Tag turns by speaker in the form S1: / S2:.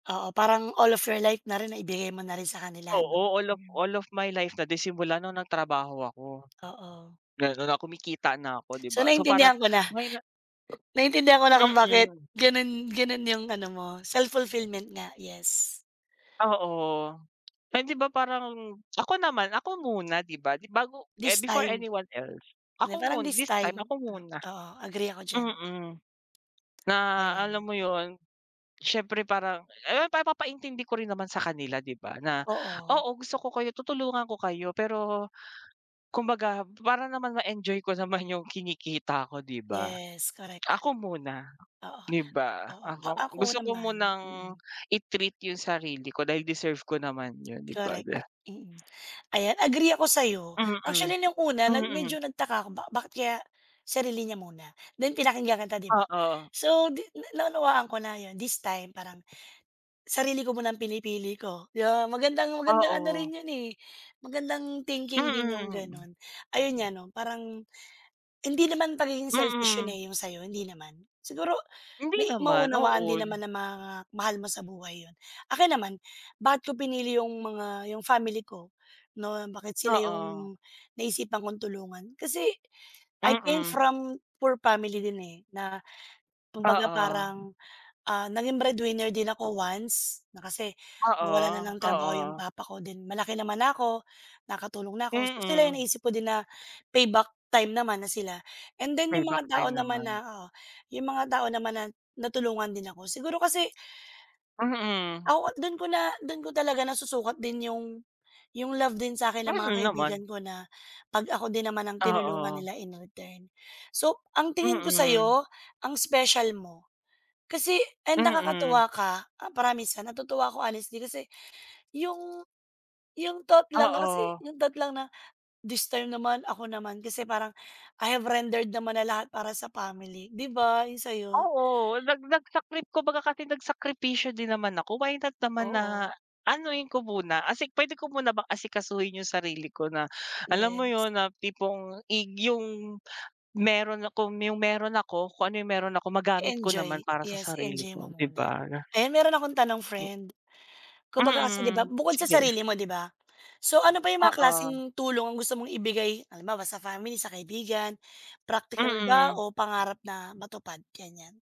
S1: Oo, parang all of your life na rin naibigay mo na rin sa kanila, 'no?
S2: Oo, all of all of my life na din, simula no'ng nagtrabaho ako.
S1: Oo.
S2: Gano'n na, kumikita na ako, 'di
S1: So
S2: ba. So parang
S1: naintindihan ko na.
S2: ngayon na
S1: Naintindihan ko na kung bakit
S2: mm.
S1: gano'n gano'n 'yong ano mo, self-fulfillment nga, yes.
S2: Oo. Ay, 'di ba parang ako naman, ako muna, 'di ba, di bago
S1: This
S2: before
S1: time
S2: anyone else,
S1: hindi,
S2: ako
S1: parang
S2: mun
S1: his
S2: this time
S1: time
S2: ako muna.
S1: oo, agree ako diyan.
S2: Mm, na alam
S1: Ayan.
S2: mo 'yon, siyempre parang, eh, pa papaintindi ko rin naman sa kanila, 'di ba, na,
S1: Oo.
S2: "Oo, gusto ko kayo tutulungan ko kayo." pero kumbaga para naman ma-enjoy ko naman 'yong kinikita ko, 'di ba?
S1: Yes, korek.
S2: "Ako muna."
S1: Oo.
S2: 'di ba?
S1: Oo, a
S2: "Ako
S1: ako
S2: gusto ko
S1: naman
S2: munang
S1: mm.
S2: i-treat 'yong sarili ko dahil deserve ko naman 'yon, 'di ba?"
S1: Korek,
S2: De
S1: mm. Ayan, agree ako sa 'yo.
S2: Mm,
S1: Actually, no'ng una na
S2: mm.
S1: medyo nagtaka ako, ba bakit kaya sarili niya muna? Then pinakinggan kita 'di ba?
S2: Oo.
S1: So, di na naunawaan ko na 'yon. "This time," parang "sarili ko muna ang pinipili ko." 'di ba? Magandang magandang ano rin
S2: Oo.
S1: 'yon, eh, magandang thinking din 'yong
S2: Mm.
S1: gano'n, ayun nga, 'no? Parang hindi naman pagiging selfish 'yon,
S2: Mm.
S1: eh, 'yong sa 'yo, hindi naman. Siguro
S2: Hindi
S1: ma
S2: naman.
S1: maunawaan
S2: Oo.
S1: din
S2: Li
S1: naman ng mga mahal mo sa buhay 'yon. Akin naman, bakit ko pinili 'yong mga 'yong family ko no, bakit sila
S2: Oo.
S1: 'yong naisipan kong tulungan? Kasi, I came
S2: Mm.
S1: from poor family din, eh. Na kumbaga
S2: Oo.
S1: parang, ah, naging breadwinner din ako once na kasi nawalan na
S2: Oo,
S1: ng trabaho 'yong
S2: oo.
S1: papa ko. Then malaki naman na ako, nakatulong na ako. Sila 'yong
S2: Mm.
S1: naisip ko din na payback time naman na sila. And then 'yong
S2: Payback
S1: mga tao
S2: time
S1: naman
S2: naman.
S1: na oo 'yong mga tao naman na natulungan din ako, siguro kasi
S2: Mm.
S1: [unintelligible] doon ko na do'n ko talaga nasusukat din 'yong 'yong love din sa 'kin ng mga
S2: Mm, naman.
S1: kaibigan ko, na 'pag ako din naman ang tinulungan
S2: Oo.
S1: nila in return. So ang tingin ko sa
S2: Mm.
S1: 'yo, ang special mo. Kasi and
S2: Mm.
S1: nakakatuwa ka, promise, ha, natutuwa ako, honestly din, kasi 'yong 'yong thought lang na kasi
S2: Oo.
S1: 'yong thought lang na, "This time naman, ako naman." kasi parang I have rendered naman na lahat para sa family, 'di ba, 'yong sa 'yo?
S2: Oo, nag nagsakrip kumbaga kasi nagsakripisyo din naman ako. Why not naman
S1: Oo.
S2: na anuhin ko muna, asik puwede ko muna bang asikasuhin 'yong sarili ko na, alam mo
S1: Yes.
S2: 'yon, na tipong, ig 'yong mayro'n akong 'yong meron ako kung ano 'yong meron ako, magamit ko naman
S1: I-enjoy.
S2: para sa
S1: Yes,
S2: sarili
S1: enjoy mo
S2: ko, 'di
S1: muna.
S2: ba?
S1: Ayan, meron akong tanong,
S2: M
S1: friend. Kumbaga kasi 'di ba,
S2: Mm,
S1: bukod sa
S2: sige.
S1: sarili mo, 'di ba? So ano pa 'yong mga
S2: Oo.
S1: klaseng tulong ang gusto mong ibigay, halimbawa sa family, sa kaibigan, practical ba
S2: Mm.
S1: o pangarap na matupad, ganiyan?